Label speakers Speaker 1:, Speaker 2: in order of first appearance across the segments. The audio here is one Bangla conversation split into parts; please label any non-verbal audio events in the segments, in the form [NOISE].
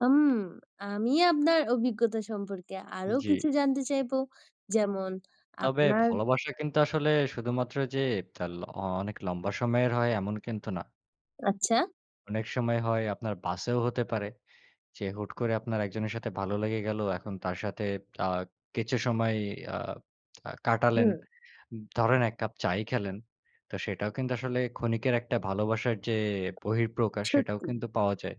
Speaker 1: হুম, আমি আপনার অভিজ্ঞতা সম্পর্কে আরো কিছু
Speaker 2: জি।
Speaker 1: জানতে চাইব যেমন
Speaker 2: তবে
Speaker 1: আপনার
Speaker 2: ভালোবাসা কিন্তু আসলে শুধুমাত্র যে তাল আ অনেক লম্বা সময়ের হয় এমন কিন্তু না।
Speaker 1: আচ্ছা।
Speaker 2: অনেক সময় হয় আপনার বাসেও হতে পারে। যে হুট করে আপনার একজনের সাথে ভালো লেগে গেল এখন তার সাথে আ কিছু সময় আ আ কাটালেন।
Speaker 1: হুম।
Speaker 2: ধরেন এক কাপ চায়ই খেলেন। তো সেটাও কিন্তু আসলে ক্ষণিকের একটা ভালোবাসার যে বহিঃপ্রকাশ সেটাও
Speaker 1: সত্যি।
Speaker 2: কিন্তু পাওয়া যায়।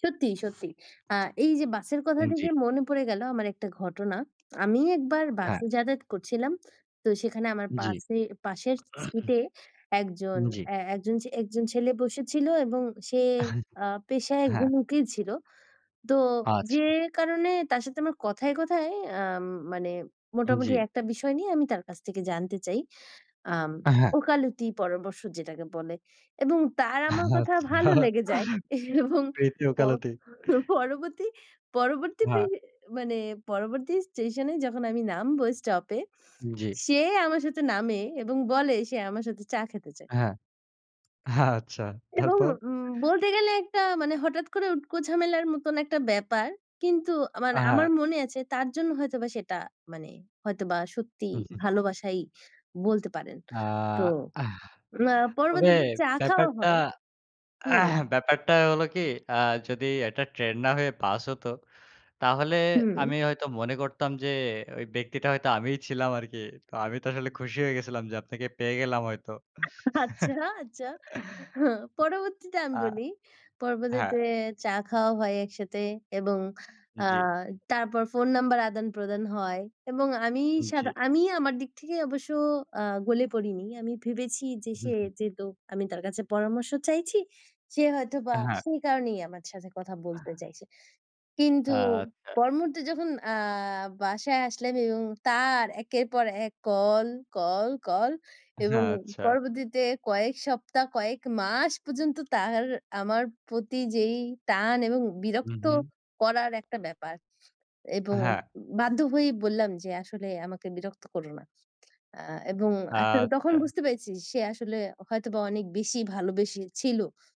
Speaker 1: সত্যি, সত্যি। আ এই যে বাসের কথা
Speaker 2: জি।
Speaker 1: থেকে মনে পড়ে গেল আমার একটা ঘটনা। আমি একবার
Speaker 2: হ্যাঁ।
Speaker 1: বাসে যাতায়াত করছিলাম। তো সেখানে আমার
Speaker 2: জি।
Speaker 1: পাশে পাশের সিটে একজন
Speaker 2: [COUGHS] জি।
Speaker 1: এ একজন, একজন ছেলে বসেছিল এবং সে
Speaker 2: [CHUCKLES]
Speaker 1: আ পেশায়
Speaker 2: হ্যাঁ।
Speaker 1: একজন উকিল ছিল। তো যে
Speaker 2: আচ্ছা।
Speaker 1: কারণে তার সাথে আমার কথায়, কথায় আম মানে মোটামুটি
Speaker 2: জি।
Speaker 1: একটা বিষয় নিয়ে আমি তার কাছ থেকে জানতে চাই। আম
Speaker 2: হ্যাঁ।
Speaker 1: ওকালতি পরামর্শ যেটাকে বলে এবং তার আমার কথা
Speaker 2: আচ্ছা,
Speaker 1: ভালো লেগে যায়। এবং
Speaker 2: প্রীতি
Speaker 1: প
Speaker 2: ওকালতি।
Speaker 1: পরবর্তী
Speaker 2: হ্যাঁ।
Speaker 1: দিকে মানে পরবর্তী স্টেশন এ যখন আমি নামবো স্টপে
Speaker 2: জি।
Speaker 1: সে আমার সাথে নামে এবং বলে সে আমার সাথে চা খেতে চায়।
Speaker 2: হ্যাঁ। আচ্ছা
Speaker 1: এবং
Speaker 2: তারপর?
Speaker 1: বলতে গেলে একটা মানে হঠাৎ করে উটকো ঝামেলার মতন একটা ব্যাপার। কিন্তু আ মানে আমার
Speaker 2: হ্যাঁ।
Speaker 1: মনে আছে তার জন্য হয়তোবা সেটা মানে হয়তোবা সত্যি
Speaker 2: [CHUCKLES]
Speaker 1: ভালোবাসাই বলতে পারেন।
Speaker 2: আ
Speaker 1: তো আ
Speaker 2: তবে
Speaker 1: পরবর্তীতে চা খাওয়া
Speaker 2: ব্যাপারটা,
Speaker 1: হয় হুম।
Speaker 2: [CLEARS THROAT] ব্যাপারটা হলো কি আ যদি একটা ট্রেন না হয়ে বাস হত তাহলে
Speaker 1: হুম।
Speaker 2: আমি হয়তো মনে করতাম যে ওই ব্যক্তিটা হয়তো আমিই ছিলাম আরকি। তো আমি তো আসলে খুশি হয়ে গেছিলাম যে আপনাকে পেয়ে গেলাম হয়তো।
Speaker 1: [CHUCKLES] আচ্ছা,
Speaker 2: [CHUCKLES]
Speaker 1: আচ্ছা। পরবর্তীতে আমি
Speaker 2: আ
Speaker 1: বলি
Speaker 2: হ্যাঁ।
Speaker 1: পরবর্তীতে চা খাওয়া হয় একসাথে এবং আ
Speaker 2: জি।
Speaker 1: তারপর ফোন নাম্বার আদান-প্রদান হয়। এবং আমি সাদা
Speaker 2: জি।
Speaker 1: আমি আমার দিক থেকে অবশ্য আ গলে পড়িনি। আমি ভেবেছি যে সে
Speaker 2: [CHUCKLES]
Speaker 1: যেহেতু আমি তার কাছে পরামর্শ চাইছি সে হয়তোবা
Speaker 2: হ্যাঁ।
Speaker 1: সেই কারণেই আমার সাথে কথা বলতে চাইছে। কিন্তু
Speaker 2: আচ্ছা।
Speaker 1: পরমুহূর্তে যখন আ বাসায় আসলাম এবং তার একের পর এক কল, কল, কল এবং
Speaker 2: আচ্ছা।
Speaker 1: পরবর্তীতে কয়েক সপ্তাহ কয়েক মাস পর্যন্ত তার আমার প্রতি যেই টান এবং
Speaker 2: হুম,
Speaker 1: বিরক্ত
Speaker 2: হুম।
Speaker 1: করার একটা ব্যাপার। এবং
Speaker 2: হ্যাঁ।
Speaker 1: বাধ্য হয়েই বললাম যে আসলে আমাকে বিরক্ত করো না। আ এবং তখন
Speaker 2: আচ্ছা।
Speaker 1: বুঝতে পেরেছি সে আসলে হয়তোবা অনেক বেশি ভালোবেসে ছিল।